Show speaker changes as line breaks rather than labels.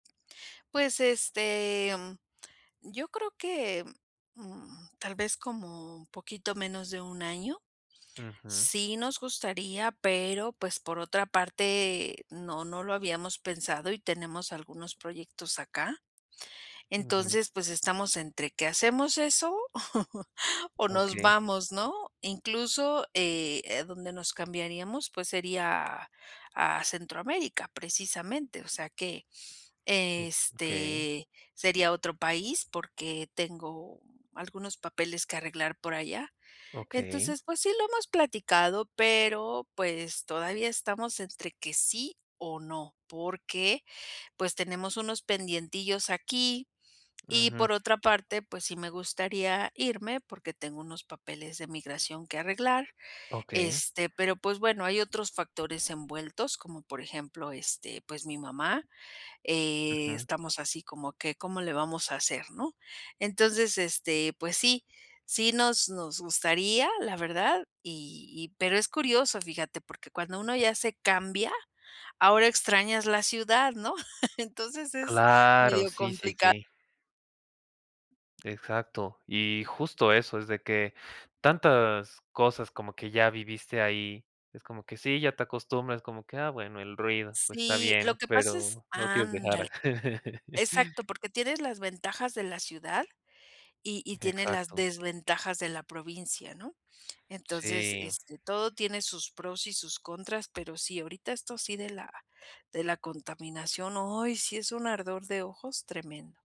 Pues, este, mm, yo creo que, mm, tal vez como un poquito menos de 1 año.
Ujú.
Sí nos gustaría, pero, pues, por otra parte, no no lo habíamos pensado, y tenemos algunos proyectos acá.
Ujú.
Entonces, pues estamos entre que hacemos eso o nos
Okey.
vamos, ¿no? Incluso, eh, donde nos cambiaríamos, pues sería a a Centroamérica, precisamente, o sea, que,
Okey.
este, sería otro país porque tengo algunos papeles que arreglar por allá.
Okey.
Entonces, pues sí lo hemos platicado, pero, pues, todavía estamos entre que sí o no, porque, pues, tenemos unos pendientillos aquí. Y
Ujú.
por otra parte, pues, sí me gustaría irme porque tengo unos papeles de migración que arreglar,
Okey.
este, pero, pues, bueno, hay otros factores envueltos, como por ejemplo, este, pues, mi mamá,
Ujú.
estamos así como que: "¿Cómo le vamos a hacer?", ¿no? Entonces, este, pues sí, sí nos nos gustaría, la verdad, y y pero es curioso, fíjate, porque cuando uno ya se cambia, ahora extrañas la ciudad, ¿no? Entonces es
Claro,
medio
sí, sí,
complicado.
sí. Exacto y justo eso es de que, tantas cosas como que ya viviste ahí, es como que sí, ya te acostumbras, como que: "Ah bueno, el ruido, pues está
Sí, lo
bien",
que pasa es
pero no lo quieres
Ándale.
dejar.
Exacto, porque tienes las ventajas de la ciudad y y tiene las
Exacto.
desventajas de la provincia, ¿no? Entonces,
Sí.
este, todo tiene sus pros y sus contras, pero sí, ahorita esto sí de la de la contaminación, ay, sí es un ardor de ojos tremendo.